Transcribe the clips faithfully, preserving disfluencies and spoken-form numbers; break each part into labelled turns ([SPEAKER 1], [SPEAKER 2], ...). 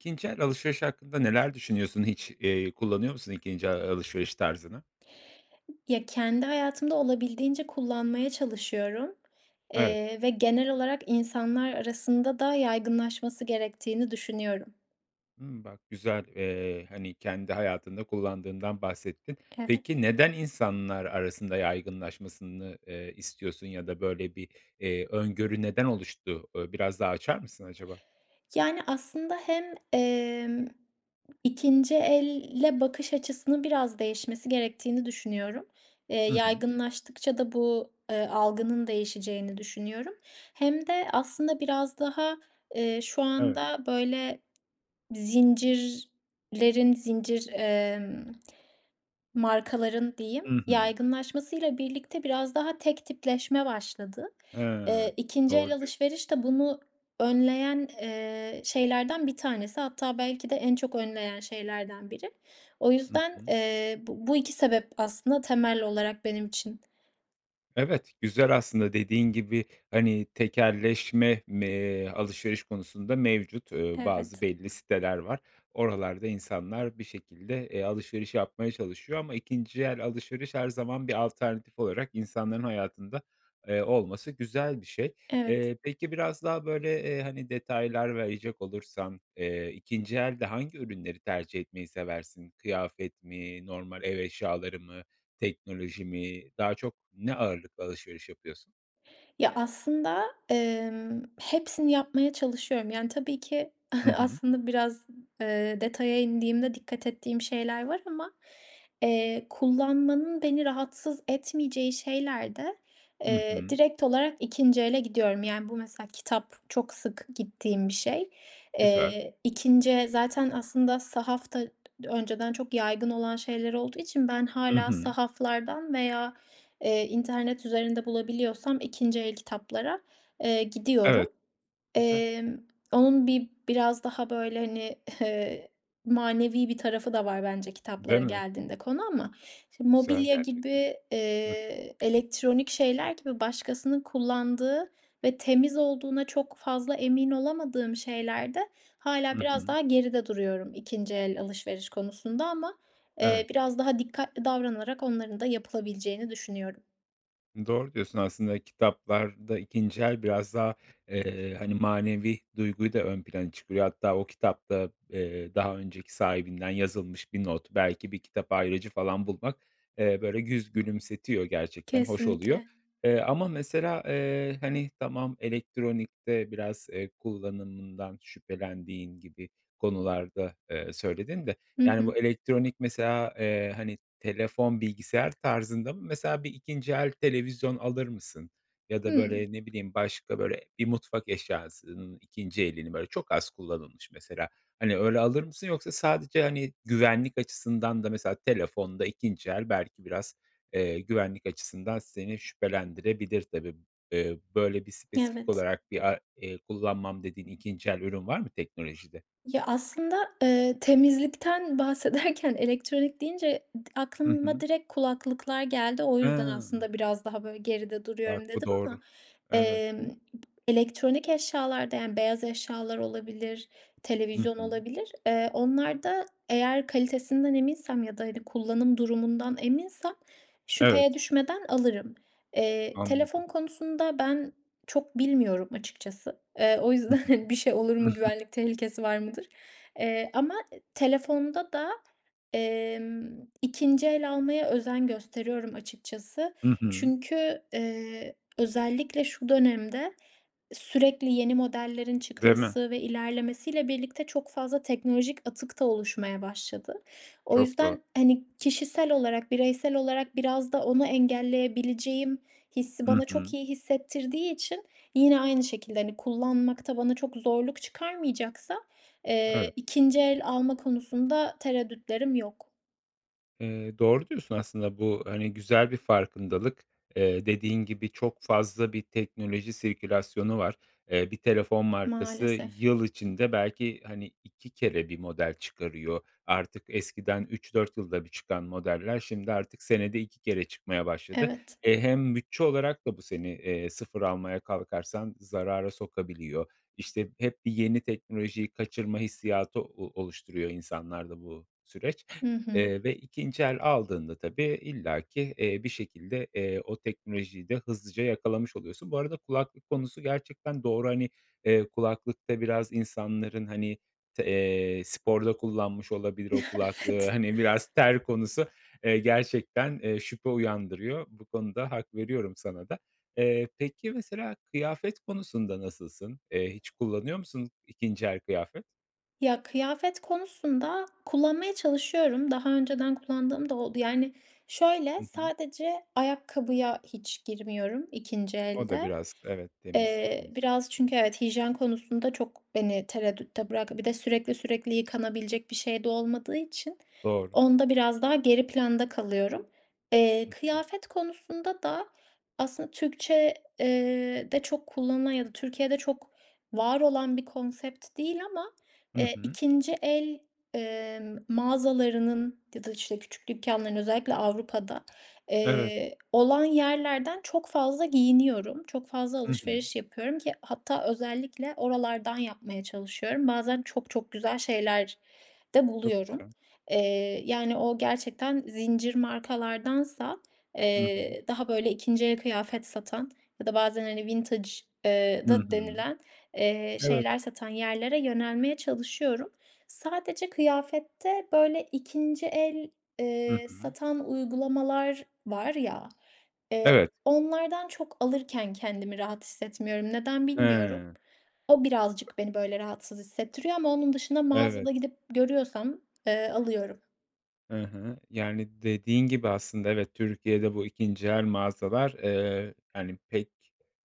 [SPEAKER 1] ikinci el alışveriş hakkında neler düşünüyorsun hiç, eee, kullanıyor musun ikinci a alışveriş tarzını?
[SPEAKER 2] Ya, kendi hayatımda olabildiğince kullanmaya çalışıyorum.
[SPEAKER 1] Evet.
[SPEAKER 2] Eee, ve genel olarak insanlar arasında da yaygınlaşması gerektiğini düşünüyorum.
[SPEAKER 1] Hımm, bak güzel. Eee, hani, kendi hayatında kullandığımdan bahsettin.
[SPEAKER 2] Evet.
[SPEAKER 1] Peki, neden insanlar arasında yaygınlaşmasını, eee, istiyorsun ya da böyle bir, eee, öngörü neden oluştu? Ö biraz daha açar mısın acaba?
[SPEAKER 2] Yani, aslında hem, emm, ikinci elle bakış açısının biraz değişmesi gerektiğini düşünüyorum. Eee,
[SPEAKER 1] Hı hı.
[SPEAKER 2] yaygınlaştıkça da bu, eee, algının değişeceğini düşünüyorum. Hem de aslında biraz daha, eee, şu
[SPEAKER 1] Evet.
[SPEAKER 2] anda böyle zincirlerin zincir, emm markaların diyeyim
[SPEAKER 1] Hı hı.
[SPEAKER 2] yaygınlaşmasıyla birlikte biraz daha tek tipleşme başladı.
[SPEAKER 1] Hıı.
[SPEAKER 2] Eee, ikinci el
[SPEAKER 1] Doğru diyorsun.
[SPEAKER 2] alışveriş de bunu önleyen, eee, şeylerden bir tanesi. Hatta belki de en çok önleyen şeylerden biri. O
[SPEAKER 1] Hı
[SPEAKER 2] yüzden,
[SPEAKER 1] hı.
[SPEAKER 2] eee, bu bu iki sebep aslında temel olarak benim için.
[SPEAKER 1] Evet, güzel aslında dediğin gibi, hani, tekelleşme me eee, alışveriş konusunda mevcut, eee, bazı
[SPEAKER 2] Evet.
[SPEAKER 1] belli siteler var. Oralarda insanlar bir şekilde, eee, alışveriş yapmaya çalışıyor ama ikinci el alışveriş her zaman bir alternatif olarak insanların hayatında, eee, olması güzel bir şey.
[SPEAKER 2] Evet.
[SPEAKER 1] Eee, peki biraz daha böyle, eee, hani, detaylar verecek olursan, eee, ikinci elde hangi ürünleri tercih etmeyi seversin? Kıyafet mi, normal ev eşyaları mı, teknoloji mi daha çok ne ağırlıklı alışveriş yapıyorsun?
[SPEAKER 2] Ya, aslında, emm, hepsini yapmaya çalışıyorum. Yani, tabii ki
[SPEAKER 1] Hı hı.
[SPEAKER 2] aslında biraz, ııı, detaya indiğimde dikkat ettiğim şeyler var ama. Eee, kullanmanın beni rahatsız etmeyeceği şeyler de,
[SPEAKER 1] Hı
[SPEAKER 2] eee,
[SPEAKER 1] hı.
[SPEAKER 2] direkt olarak ikinci ele gidiyorum. Yani, bu mesela kitap çok sık gittiğim bir şey.
[SPEAKER 1] Güzel.
[SPEAKER 2] Eee, ikinci zaten aslında sahaf da d önceden çok yaygın olan şeyler olduğu için ben
[SPEAKER 1] Hı
[SPEAKER 2] hâlâ
[SPEAKER 1] hı.
[SPEAKER 2] sahaflardan veya, eee, internet üzerinde bulabiliyorsam ikinci el kitaplara, eee,
[SPEAKER 1] Evet,
[SPEAKER 2] gidiyorum.
[SPEAKER 1] güzel.
[SPEAKER 2] Emm, onun bir biraz daha böyle hani ı hı manevi bir tarafı da var bence
[SPEAKER 1] Değil
[SPEAKER 2] kitaplara
[SPEAKER 1] mi?
[SPEAKER 2] geldiğinde konu ama. Şimdi
[SPEAKER 1] Güzel
[SPEAKER 2] mobilya
[SPEAKER 1] gerçekten.
[SPEAKER 2] gibi,
[SPEAKER 1] Hı hı.
[SPEAKER 2] eee, elektronik şeyler gibi başkasının kullandığı ve temiz olduğuna çok fazla emin olamadığım şeylerde
[SPEAKER 1] Hı
[SPEAKER 2] hâlâ biraz
[SPEAKER 1] hı.
[SPEAKER 2] daha geride duruyorum ikinci el alışveriş konusunda ama, eee,
[SPEAKER 1] Evet.
[SPEAKER 2] biraz daha dikkatli davranarak onların da yapılabileceğini düşünüyorum.
[SPEAKER 1] Doğru diyorsun. Aslında kitaplarda ikinci el biraz daha, eee, hani, manevi duyguyu da ön plana çıkarıyor. Hatta o kitapta, eee, daha önceki sahibinden yazılmış bir not, belki bir kitap ayracı falan bulmak, eee, böyle, yüz gülümsetiyor, gerçekten hoş oluyor.
[SPEAKER 2] Kesinlikle.
[SPEAKER 1] Eee, ama mesela, eee, hani, tamam elektronikte biraz, eee, kullanımından şüphelendiğin gibi konularda, eee, söyledin de,
[SPEAKER 2] Hı
[SPEAKER 1] yani,
[SPEAKER 2] hı.
[SPEAKER 1] bu elektronik mesela, eee, hani, telefon, bilgisayar tarzında mı? Mesela bir ikinci el televizyon alır mısın? Ya da,
[SPEAKER 2] Hımm.
[SPEAKER 1] böyle, ne bileyim başka, böyle, bir mutfak eşyasının ikinci elini, böyle, çok az kullanılmış mesela, hani, öyle alır mısın? Yoksa sadece, hani, güvenlik açısından da mesela telefonda ikinci el belki biraz, eee, güvenlik açısından seni şüphelendirebilir tabii m eee, böyle, bir
[SPEAKER 2] Y
[SPEAKER 1] spesifik
[SPEAKER 2] evet.
[SPEAKER 1] olarak bir ar eee, kullanmam dediğin ikinci el ürün var mı teknolojide?
[SPEAKER 2] Ya, aslında, eee, temizlikten bahsederken elektronik deyince d
[SPEAKER 1] Hı
[SPEAKER 2] aklıma
[SPEAKER 1] hı.
[SPEAKER 2] direkt kulaklıklar geldi o yüzden
[SPEAKER 1] He.
[SPEAKER 2] aslında "Biraz daha, böyle, geride duruyorum."
[SPEAKER 1] Bak bu
[SPEAKER 2] dedim. Ama,
[SPEAKER 1] doğru. Evet.
[SPEAKER 2] emm, p elektronik eşyalarda, yani, beyaz eşyalar olabilir,
[SPEAKER 1] I
[SPEAKER 2] televizyon
[SPEAKER 1] hı.
[SPEAKER 2] olabilir, eee, onlarda eğer kalitesinden eminsem ya da, hani, kullanım durumundan eminsem şüpheye
[SPEAKER 1] Evet.
[SPEAKER 2] düşmeden alırım. Eee, telefon
[SPEAKER 1] Anladım.
[SPEAKER 2] konusunda ben çok bilmiyorum açıkçası. Eee, o
[SPEAKER 1] Hı
[SPEAKER 2] yüzden bir şey
[SPEAKER 1] hı.
[SPEAKER 2] olur mu, güvenlik tehlikesi var mıdır? Eee, ama e telefonda da, emm, ikinci el almaya özen gösteriyorum açıkçası.
[SPEAKER 1] I hı.
[SPEAKER 2] Çünkü, eee, özellikle şu dönemde sürekli yeni modellerin
[SPEAKER 1] Değil mi?
[SPEAKER 2] çıkması ve ilerlemesiyle birlikte çok fazla teknolojik atık da oluşmaya başladı. O
[SPEAKER 1] Çok doğru.
[SPEAKER 2] yüzden, hani, kişisel olarak, bireysel olarak biraz da onu engelleyebileceğim hissi
[SPEAKER 1] I
[SPEAKER 2] bana çok
[SPEAKER 1] hı.
[SPEAKER 2] iyi hissettirdiği için yine aynı şekilde, hani, kullanmakta bana çok zorluk çıkarmayacaksa, eee,
[SPEAKER 1] Evet.
[SPEAKER 2] ikinci el alma konusunda tereddütlerim yok.
[SPEAKER 1] Eee, doğru diyorsun aslında bu, hani, güzel bir farkındalık. Eee, dediğin gibi çok fazla bir teknoloji sirkülasyonu var. Eee, bir telefon markası
[SPEAKER 2] Maalesef.
[SPEAKER 1] yıl içinde belki, hani, ik kere bir model çıkarıyor. Artık eskiden üç dört yılda bir çıkan modeller, şimdi artık senede iki kere çıkmaya başladı.
[SPEAKER 2] Evet.
[SPEAKER 1] E, hem bütçe olarak da bu seni, eee, sıfıf almaya kalkarsan zarara sokabiliyor. İşte hep bir yeni teknolojiyi kaçırma hissiyatı o oluşturuyor insanlarda bu süreç,
[SPEAKER 2] Hı hı.
[SPEAKER 1] eee, ve ikinci el aldığında tabii illa ki, eee, bir şekilde, eee, o teknolojiyi de hızlıca yakalamış oluyorsun. Bu arada kulaklık konusu gerçekten doğru, hani, eee, kulaklıkta biraz insanların hani te eee, sporda kullanmış olabilir o kulaklığı.
[SPEAKER 2] Evet.
[SPEAKER 1] Hani, biraz ter konusu, eee, gerçekten, eee, şüphe uyandırıyor. Bu konuda hak veriyorum sana da. Eee, peki, mesela kıyafet konusunda nasılsın? Eee, hiç kullanıyor musun ikinci el kıyafet?
[SPEAKER 2] Ya, kıyafet konusunda kullanmaya çalışıyorum. Daha önceden kullandığım da oldu. Yani, şöyle
[SPEAKER 1] Hı hı.
[SPEAKER 2] sadece ayakkabıya hiç girmiyorum ikinci
[SPEAKER 1] O da
[SPEAKER 2] elde.
[SPEAKER 1] biraz evet, temizlik
[SPEAKER 2] Eee,
[SPEAKER 1] konusunda.
[SPEAKER 2] biraz çünkü
[SPEAKER 1] Hı hı.
[SPEAKER 2] evet hijyen konusunda çok beni tereddütte bıraktı. Bir de sürekli sürekli yıkanabilecek bir şey de olmadığı için
[SPEAKER 1] Doğru.
[SPEAKER 2] onda biraz daha geri planda kalıyorum. Eee,
[SPEAKER 1] Hı hı.
[SPEAKER 2] kıyafet konusunda da aslında Türkçe, eee, de çok kullanılan ya da Türkiye'de çok var olan bir konsept değil ama,
[SPEAKER 1] Hı
[SPEAKER 2] eee,
[SPEAKER 1] hı.
[SPEAKER 2] ikinci el, eee, mağazalarının ya da işte küçük dükkanların özellikle Avrupa'da
[SPEAKER 1] Evet.
[SPEAKER 2] eee, olan yerlerden çok fazla giyiniyorum. Çok fazla
[SPEAKER 1] Hı hı.
[SPEAKER 2] alışveriş yapıyorum ki hatta özellikle oralardan yapmaya çalışıyorum. Bazen çok çok güzel şeyler de
[SPEAKER 1] Çok
[SPEAKER 2] buluyorum.
[SPEAKER 1] güzel.
[SPEAKER 2] Eee, yani, o gerçekten zincir markalardansa
[SPEAKER 1] Hı hı.
[SPEAKER 2] eee, daha böyle ikinci el kıyafet satan ya da bazen, hani vintage eee,
[SPEAKER 1] Hı
[SPEAKER 2] da
[SPEAKER 1] hı.
[SPEAKER 2] denilen, eee,
[SPEAKER 1] Evet.
[SPEAKER 2] şeyler satan yerlere yönelmeye çalışıyorum. Sadece kıyafette böyle ikinmci el,
[SPEAKER 1] Hı
[SPEAKER 2] eee,
[SPEAKER 1] hı.
[SPEAKER 2] satan uygulamalar var, ya, eee
[SPEAKER 1] Evet.
[SPEAKER 2] onlardan çok alırken kendimi rahat hissetmiyorum. Neden bilmiyorum.
[SPEAKER 1] Hıı.
[SPEAKER 2] O birazcık beni böyle rahatsız hissettiriyor ama onun dışında
[SPEAKER 1] Evet.
[SPEAKER 2] mağazada gidip görüyorsam, eee, alıyorum.
[SPEAKER 1] Hı hı, yani, dediğin gibi aslında evet, Türkiye'de bu ikinci el mağazalar, ııı, hani, pek,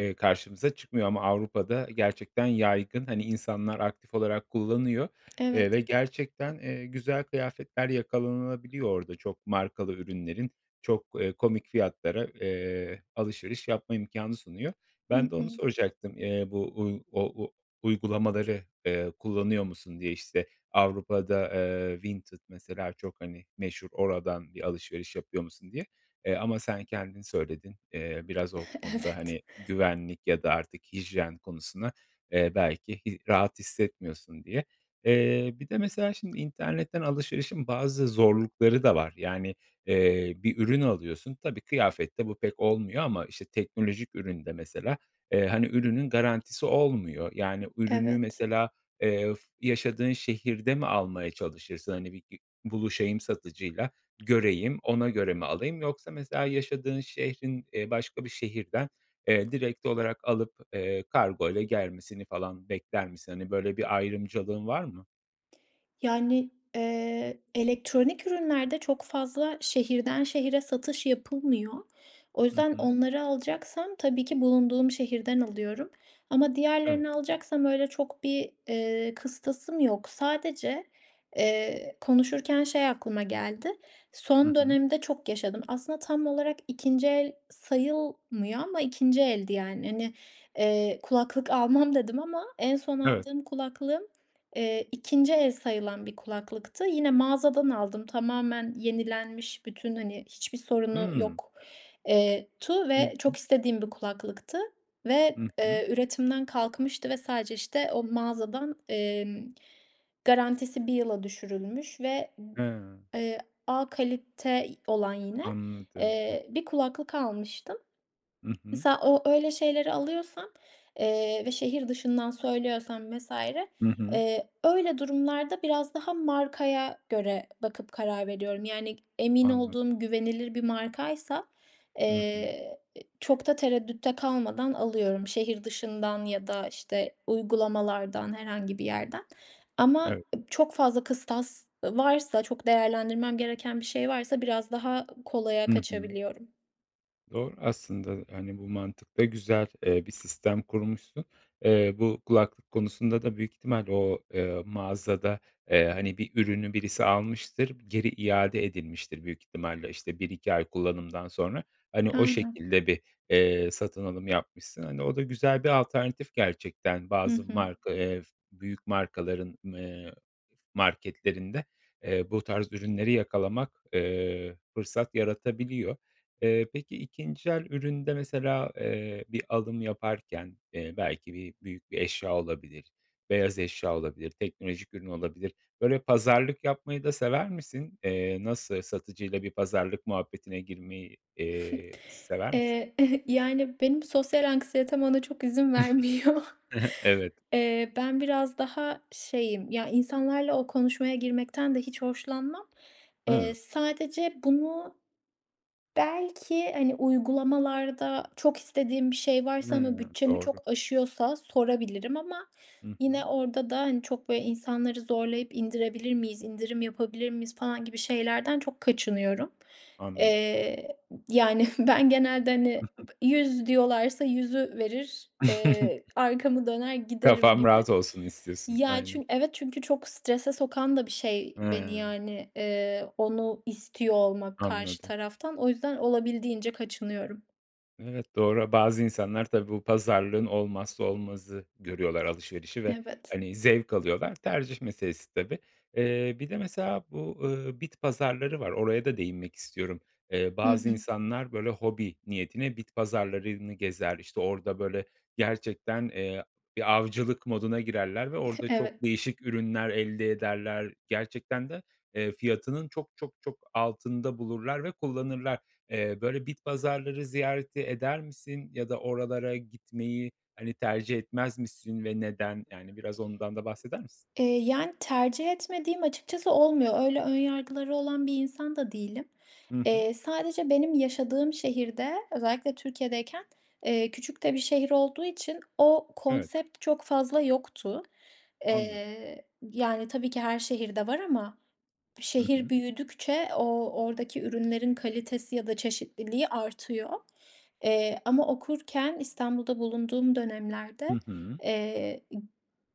[SPEAKER 1] ııı, karşımıza çıkmıyor ama Avrupa'da, gerçekten yaygın. Hani, insanlar, aktif olarak kullanıyor,
[SPEAKER 2] Evet.
[SPEAKER 1] eee, ve gerçekten, eee, güzel kıyafetler yakalanabiliyor orada çok markalı ürünlerin çok, eee, komik fiyatlara, eee, alışveriş yapma imkânı sunuyor.
[SPEAKER 2] Hı
[SPEAKER 1] Ben de onu
[SPEAKER 2] hı.
[SPEAKER 1] soracaktım; eee, bu, uuu, o u uygulamaları, eee, kullanıyor musun diye, işte, Avrupa'da, eee, Vinted mesela çok, hani, meşhur. Oradan bir alışveriş yapıyor musun diye. Eee, ama sen, kendin söyledin. Eee, biraz o konuda,
[SPEAKER 2] Evet.
[SPEAKER 1] hani, güvenlik ya da artık hijyen konusuna, eee, belki i rahat hissetmiyorsun diye. Eee, bir de mesela şimdi internetten alışverişin bazı zorlukları da var. Yani, eee, bir ürün alıyorsun, tabii kıyafette bu pek olmuyor ama, işte, teknolojik üründe mesela, eee, hani, ürünün garantisi olmuyor. Yani, ürünü
[SPEAKER 2] Evet.
[SPEAKER 1] mesela, eee, f yaşadığın şehirde mi almaya çalışırsın, hani, bi bi buluşayım satıcıyla, göreyim, ona göre mi alayım, yoksa mesela yaşadığın şehrin, eee, başka bir şehirden, eee, direkt olarak alıp, eee, kargoyla gelmesini falan bekler misin? Hani, böyle bir ayrımcılığın var mı?
[SPEAKER 2] Yani, eee, elektronik ürünlerde çok fazla şehirden şehre satış yapılmıyor. O
[SPEAKER 1] Hı
[SPEAKER 2] yüzden
[SPEAKER 1] hı.
[SPEAKER 2] onları alacaksam tabii ki bulunduğum şehirden alıyorum ama
[SPEAKER 1] Evet.
[SPEAKER 2] diğerlerini alacaksam öyle çok bir, ııı, kıstasım yok. Sadece, eee, konuşurken şey aklıma geldi.
[SPEAKER 1] Hı
[SPEAKER 2] Son
[SPEAKER 1] hı.
[SPEAKER 2] dönemde çok yaşadım. Aslında tam olarak ikinci el sayılmıyor ama ikinci eldi yani. Hani, ııı, kulaklık almam dedim ama en son
[SPEAKER 1] Evet.
[SPEAKER 2] aldığım kulaklığım, eee, ikinci el sayılan bir kulaklıktı. Yine mağazadan aldım, tamamen yenilenmiş bütün, hani, hiçbir sorunu
[SPEAKER 1] Hıı.
[SPEAKER 2] yok eee, tu ve çok
[SPEAKER 1] İlginç.
[SPEAKER 2] istediğim bir kulaklıktı ve,
[SPEAKER 1] Hı hı.
[SPEAKER 2] eee, üretimden kalkmıştı ve sadece işte o mağazadan, emm, garantisi bir yıla düşürülmüş ve,
[SPEAKER 1] Hıı.
[SPEAKER 2] eee, A kalite olan yine,
[SPEAKER 1] Anladım, e
[SPEAKER 2] eee, bir kulaklık almıştım.
[SPEAKER 1] Hı hı.
[SPEAKER 2] Mesela o, öyle şeyleri alıyorsam, eee, ve şehir dışından söylüyorsam vs.
[SPEAKER 1] Hı hı.
[SPEAKER 2] eee, öyle durumlarda biraz daha markaya göre bakıp karar veriyorum. Yani, emin
[SPEAKER 1] Anladım.
[SPEAKER 2] olduğum güvenilir bir markaysa,
[SPEAKER 1] Hı hı.
[SPEAKER 2] eee, çok da tereddütte kalmadan alıyorum. Şehir dışından ya da, işte, uygulamalardan herhangi bir yerden. Ama
[SPEAKER 1] Evet.
[SPEAKER 2] ıb çok fazla kıstas varsa, çok değerlendirmem gereken bir şey varsa biraz daha kolaya
[SPEAKER 1] Hı hı.
[SPEAKER 2] kaçabiliyorum.
[SPEAKER 1] Doğru aslında, e, hani, bu mantıkta güzel, eee, bir sistem kurmuşsun. Eee, bu kulaklık konusunda da büyük ihtimal o, eee, mağazada, eee, hani, bir ürünü birisi almıştır geri iade edilmiştir. Büyük ihtimalle işte bir iki ay kullanımdan sonra. Hani, o
[SPEAKER 2] Aynen.
[SPEAKER 1] şekilde bir, eee, satın alım yapmışsın. Hani, o da güzel bir alternatif gerçekten.
[SPEAKER 2] Hı
[SPEAKER 1] Bazı
[SPEAKER 2] hı.
[SPEAKER 1] marka, eee, f büyük markaların, eee, marketlerinde, eee, bu tarz ürünleri yakalamak, eee, fırsat yaratabiliyor. Eee, peki, ikinci el üründe mesela, eee, bir alım yaparken, eee, belki bir büyük bir eşya olabilir. Beyaz eşya olabilir. Teknolojik ürün olabilir. Böyle pazarlık yapmayı da sever misin? Eee. nasıl satıcıyla bir pazarlık muhabbetine girmeyi, eee, sever misin?
[SPEAKER 2] Eee, yani, benim sosyal anksiyetem ona çok izin vermiyor.
[SPEAKER 1] Hı hı evet.
[SPEAKER 2] Eee, ben biraz daha şeyim, ya, insanlarla o konuşmaya girmekten de hiç hoşlanmam. Eee,
[SPEAKER 1] Hıı.
[SPEAKER 2] sadece bunu belki, hani, uygulamalarda çok istediğim bir şey varsa ama
[SPEAKER 1] Hıı,
[SPEAKER 2] bütçemi
[SPEAKER 1] doğru.
[SPEAKER 2] çok aşıyorsa sorabilirim. Ama,
[SPEAKER 1] Hı hı.
[SPEAKER 2] yine, orada da, hani, çok böyle insanları zorlayıp indirebilir miyiz, indirim yapabilir miyiz falan gibi şeylerden çok kaçınıyorum.
[SPEAKER 1] Anladım.
[SPEAKER 2] Eee, yani, ben genelde, hani,
[SPEAKER 1] [unintelligible]
[SPEAKER 2] bı yüz diyorlarsa yüzü verir. Eee, arkamı döner giderim
[SPEAKER 1] Kafam
[SPEAKER 2] gibi.
[SPEAKER 1] rahat olsun istiyorsun.
[SPEAKER 2] Ya,
[SPEAKER 1] Aynen.
[SPEAKER 2] çün evet, çünkü çok strese sokan da bir şey beni,
[SPEAKER 1] Hıı.
[SPEAKER 2] yani, eee, onu istiyor olmak karşı
[SPEAKER 1] Anladım.
[SPEAKER 2] taraftan. O yüzden olabildiğince kaçınıyorum.
[SPEAKER 1] Evet, doğra. Bazı insanlar tabii bu pazarlığın olmazsa olmazı görüyorlar alışverişi ve,
[SPEAKER 2] Evet.
[SPEAKER 1] hani, zevk alıyorlar tercih meselesi tabii. Eee, bir de mesela bu, eee, bit pazarları var oraya da değinmek istiyorum. Eee,
[SPEAKER 2] Hı
[SPEAKER 1] bazı
[SPEAKER 2] hı.
[SPEAKER 1] insanlar böyle hobi niyetine bit pazarlarını gezer. İşte orada böyle gerçekten, eee, bir avcılık moduna girerler ve orada çok
[SPEAKER 2] Evet.
[SPEAKER 1] değişik ürünler elde ederler. Gerçekten de, eee, fiyatının çok, çok, çok altında bulurlar ve kullanırlar. Eee, böyle bit pazarları ziyareti eder misin ya da oralara gitmeyi, hani, tercih etmez misin ve neden? Yani, biraz ondan da bahseder misin?
[SPEAKER 2] Eee, yani, tercih etmediğim açıkçası olmuyor. Eee, öyle ön yargıları olan bir insan da değilim.
[SPEAKER 1] Hı hı.
[SPEAKER 2] Eee, sadece benim yaşadığım şehirde özellikle Türkiye'deyken, eee, küçük de bir şehir olduğu için o
[SPEAKER 1] Evet.
[SPEAKER 2] konsept çok fazla yoktu.
[SPEAKER 1] Anladım.
[SPEAKER 2] Eee, yani, tabii ki her şehirde var ama
[SPEAKER 1] Hı
[SPEAKER 2] şehir
[SPEAKER 1] hı.
[SPEAKER 2] büyüdükçe o o oradaki ürünlerin kalitesi ya da çeşitliliği artıyor. Eee, ama okurken İstanbul'da bulunduğum dönemlerde,
[SPEAKER 1] Hı hı.
[SPEAKER 2] eee,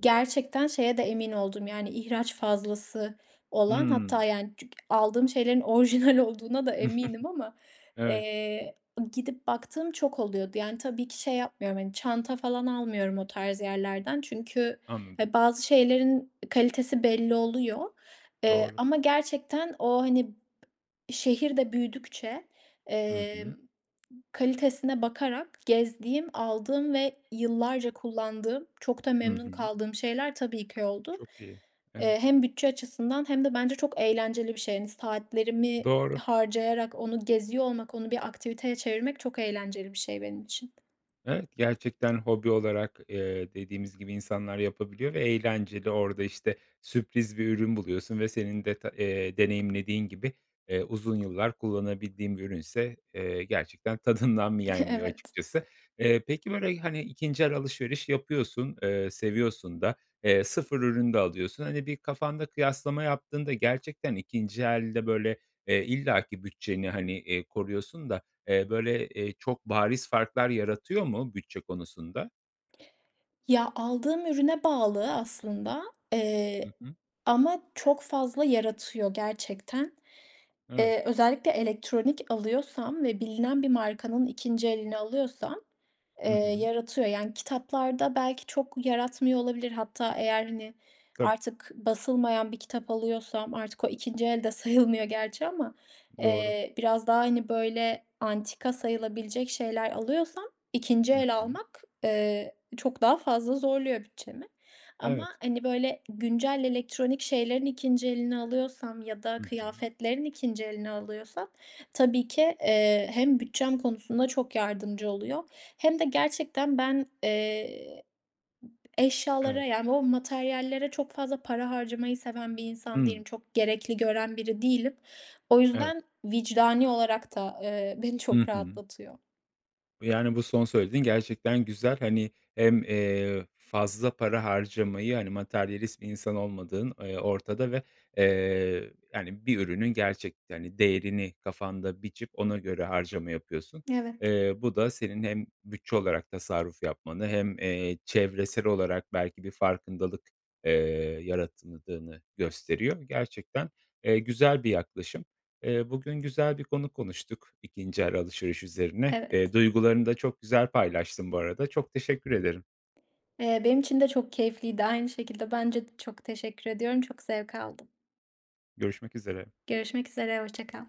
[SPEAKER 2] gerçekten şeye de emin oldum, yani, ihraç fazlası olan hatta,
[SPEAKER 1] Hımm.
[SPEAKER 2] yani, çünkü aldığım şeylerin orjinal olduğuna da eminim ama,
[SPEAKER 1] Evet.
[SPEAKER 2] eee, gidip baktığım çok oluyordu. Yani, tabii ki şey yapmıyorum. Hani, çanta falan almıyorum o tarz yerlerden çünkü,
[SPEAKER 1] Anladım.
[SPEAKER 2] he, bazı şeylerin kalitesi belli oluyor. Eee,
[SPEAKER 1] Doğru.
[SPEAKER 2] ama gerçekten o, hani, b şehir de büyüdükçe,
[SPEAKER 1] Hı
[SPEAKER 2] eee,
[SPEAKER 1] hı.
[SPEAKER 2] kalitesine bakarak gezdiğim aldığım ve yıllarca kullandığım çok da
[SPEAKER 1] Hı
[SPEAKER 2] memnun
[SPEAKER 1] hı.
[SPEAKER 2] kaldığım şeyler tabii ki oldu.
[SPEAKER 1] Çok iyi. Evet.
[SPEAKER 2] Eee, hem bütçe açısından hem de bence çok eğlenceli bir şey, hani, saatlerimi
[SPEAKER 1] Doğru.
[SPEAKER 2] harcayarak onu geziyor olmak onu bir aktiviteye çevirmek çok eğlenceli bir şey benim için.
[SPEAKER 1] Evet, gerçekten hobi olarak, eee, dediğimiz gibi insanlar yapabiliyor ve eğlenceli orada, işte, sürpriz bir ürün buluyorsun ve senin deta eee, deneyimlediğin gibi, eee, uzun yıllar kullanabildiğin bir ürünse, eee, gerçekten tadından mı yenmiyor
[SPEAKER 2] Evet.
[SPEAKER 1] açıkçası. Eee, peki, böyle, hani, ikinci el alışveriş yapıyorsun, eee, seviyorsun da, eee, sıfır ürünü de alıyorsun. Hani, bir kafanda kıyaslama yaptığında gerçekten ikinci elde böyle, eee, illaki bütçeni, hani, eee, koruyorsun da, eee, böyle, eee, çok bariz farklar yaratıyor mu bütçe konusunda?
[SPEAKER 2] Ya, aldığım ürüne bağlı aslında, eee,
[SPEAKER 1] Hı hı.
[SPEAKER 2] ama çok fazla yaratıyor gerçekten.
[SPEAKER 1] Evet.
[SPEAKER 2] Eee, özellikle elektronik alıyorsam ve bilinen bir markanın ikinci elini alıyorsam, eee,
[SPEAKER 1] Hı hı.
[SPEAKER 2] yaratıyor. Yani, kitaplarda belki çok yaratmıyor olabilir. Hatta eğer, hani,
[SPEAKER 1] Tabii.
[SPEAKER 2] artık basılmayan bir kitap alıyorsam artık o ikinci el de sayılmıyor gerçi ama,
[SPEAKER 1] Doğru.
[SPEAKER 2] eee, biraz daha, hani, böyle antika sayılabilecek şeyler alıyorsam ikinci
[SPEAKER 1] Hı
[SPEAKER 2] el
[SPEAKER 1] hı.
[SPEAKER 2] almak, eee, çok daha fazla zorluyor bütçemi. Ama,
[SPEAKER 1] Evet.
[SPEAKER 2] hani, böyle güncel elektronik şeylerin ikinci elini alıyorsam ya da
[SPEAKER 1] Hı hı.
[SPEAKER 2] kıyafetlerin ikinci elini alıyorsam tabii ki, eee, hem bütçem konusunda çok yardımcı oluyor hem de gerçekten ben, eee, eşyalara,
[SPEAKER 1] Evet.
[SPEAKER 2] yani, o materyallere çok fazla para harcamayı seven bir insan değilim.
[SPEAKER 1] Hıı.
[SPEAKER 2] Çok gerekli gören biri değilim. O
[SPEAKER 1] Evet.
[SPEAKER 2] yüzden, vicdani olarak da, eee, beni
[SPEAKER 1] Hı
[SPEAKER 2] çok
[SPEAKER 1] hı.
[SPEAKER 2] rahatlatıyor.
[SPEAKER 1] Yani, bu son söylediğin gerçekten güzel. Hani, hem, eee, fazla para harcamayı, hani, materyalist bir insan olmadığın, eee, ortada ve, eee, hani, bir ürünün gerçekte, hani, değerini kafanda biçip ona göre harcama yapıyorsun.
[SPEAKER 2] Evet.
[SPEAKER 1] Eee, bu da senin hem bütçe olarak tasarruf yapmanı hem, eee, çevresel olarak belki bir farkındalık, eee, yaratımıdığını gösteriyor. Gerçekten, eee, güzel bir yaklaşım. Eee, bugün güzel bir konu konuştuk, ikinci el alışveriş üzerine. Eee,
[SPEAKER 2] Evet.
[SPEAKER 1] duygularını da çok güzel paylaştın bu arada. Çok teşekkür ederim.
[SPEAKER 2] Eee, benim için de çok keyifliydi, aynı şekilde. Bence de. Çok teşekkür ediyorum, çok zevk aldım.
[SPEAKER 1] Görüşmek üzere.
[SPEAKER 2] Görüşmek üzere. Hoşça kal.